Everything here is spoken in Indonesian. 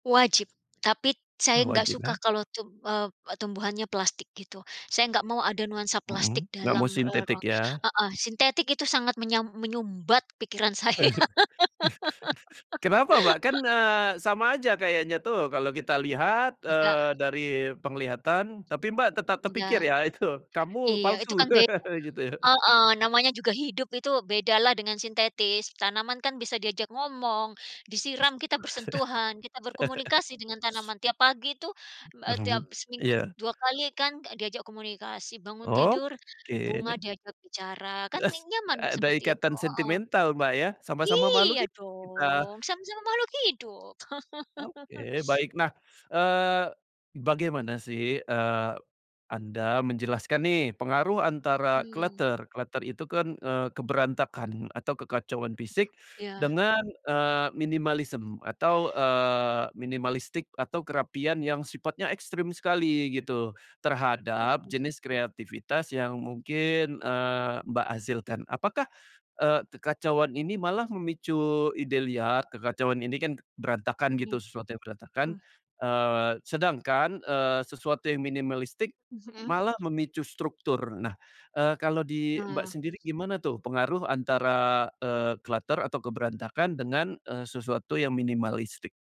Wajib, tapi saya enggak suka Wajibnya. kalau tub eee, tumbuhannya plastik gitu. Saya enggak mau ada nuansa plastik Mhm. Enggak mau dalam, eee, ruang sintetik ya. heeh. Sintetik itu sangat menyam menyumbat pikiran saya. Kenapa, Mbak? Kan, eee, sama aja kayaknya tuh kalau kita lihat, Iya. eee, dari penglihatan, tapi Mbak, tetap terpikir Enggak. ya itu, kamu Iya, itu palsu. kan beda Gitu ya? heeh, namanya juga hidup, itu beda lah dengan sintetis. Tanaman kan bisa diajak ngomong. Disiram, kita bersentuhan, kita berkomunikasi dengan tanaman tiap pagi itu, eee, me tiap [unintelligible] seminggu iya. 2 kali kan, enggak diajak komunikasi bangun tidur, Oke. bunga diajak bicara, kan ne Eee, nyaman ada seperti itu ikatan heeh. sentimental, Mbak, ya, sama-sama makhluk Iya hidup kita. dong, sama-sama makhluk hidup. Oke, baik. Nah, eee, bagaimana sih, eee, anda menjelaskan nih pengaruh antara Mhm. clutter, clutter itu kan, eee, keberantakan atau kekacauan fisik Ya. dengan, eee, minimalism atau, eee, minimalistic, atau kerapian yang sifatnya ekstrem sekali gitu terhadap [unintelligible] jenis kreativitas yang mungkin, eee, Mbak, hasilkan? Apakah, eee, kekacauan ini malah memicu ide liar? Kekacauan ini kan berantakan gitu, sesuatu yang berantakan. [unintelligible] Eee, sedangkan, eee, sesuatu yang minimalistic Mhm. malah memicu struktur. Nah, eee, kalau di Mbak, Oh. sendiri gimana tuh pengaruh antara, eee, clutter atau keberantakan dengan, eee, sesuatu yang minimalistic?